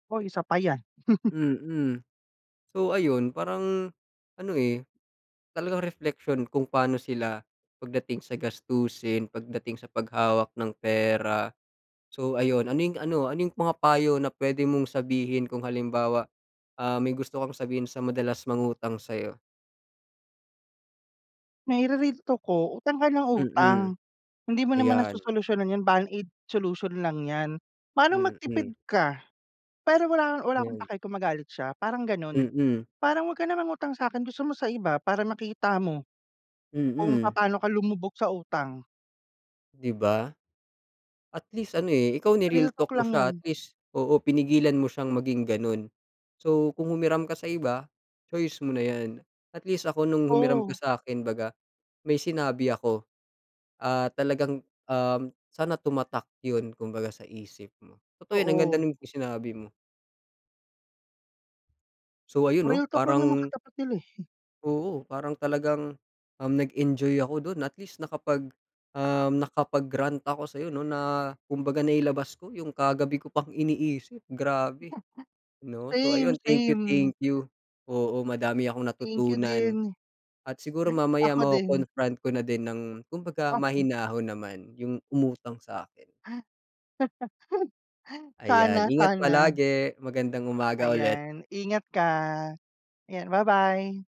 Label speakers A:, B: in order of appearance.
A: Hoy, isa pa 'yan.
B: Mm. So ayun, parang ano, eh, talagang reflection kung pano sila pagdating sa gastusin, pagdating sa paghawak ng pera. So ayun, ano yung ano, yung mga payo na puwede mong sabihin kung halimbawa, ah, may gusto kang sabihin sa madalas mangutang sa'yo.
A: Naire-real talk ko, "Utang ka nang utang
B: Mm.
A: hindi mo naman
B: Ayan.
A: nasosolusyonan 'yan, band aid solution lang 'yan. Manong magtipid
B: Mm.
A: ka." Pero wala wala akong
B: Mm.
A: paki kung magalit siya, parang gano'n.
B: Mm.
A: "Parang wag kang mangutang sa'kin, gusto mo sa iba para makita mo kung
B: Mm.
A: papaano ka lumubog sa utang."
B: Di ba? At least ano, eh, ikaw
A: Real
B: ni-real
A: talk
B: talk mo
A: lang
B: siya. At
A: 'yan.
B: least oo, pinigilan mo siyang maging ganun. So, kung humiram ka sa iba, choice mo na 'yan. At least ako nung humiram ka
A: Oo.
B: sa'kin 'baga may sinabi ako. Ah, talagang, um, sana tumatak yun kumbaga sa isip mo. Totoo 'yon, ang ganda
A: Oo.
B: nung isinabi mo. So, ayun, oh,
A: Real talk lang naman
B: parang
A: katapat nila, eh.
B: Oo. Parang talagang, um, nag-enjoy ako dun at least nakapag, um, nakapag-rant ako sa'yo 'no, na kumbaga nailabas ko yung kagabi ko pang iniisip, grabe
A: [unintelligible]
B: 'no. So
A: Same.
B: ayun, thank you,
A: Same.
B: thank you. Oo, madami akong
A: Thank you
B: natutunan
A: din.
B: at siguro mamaya
A: Ako din.
B: mako-confront ko na din ng kumbaga
A: Okey.
B: mahinahon naman yung umutang sa'kin. Ayan.
A: Sana,
B: Ingat
A: sana.
B: palagi. Magandang umaga ulit.
A: Ayan. Ingat ka. 'Yan, ba-bye.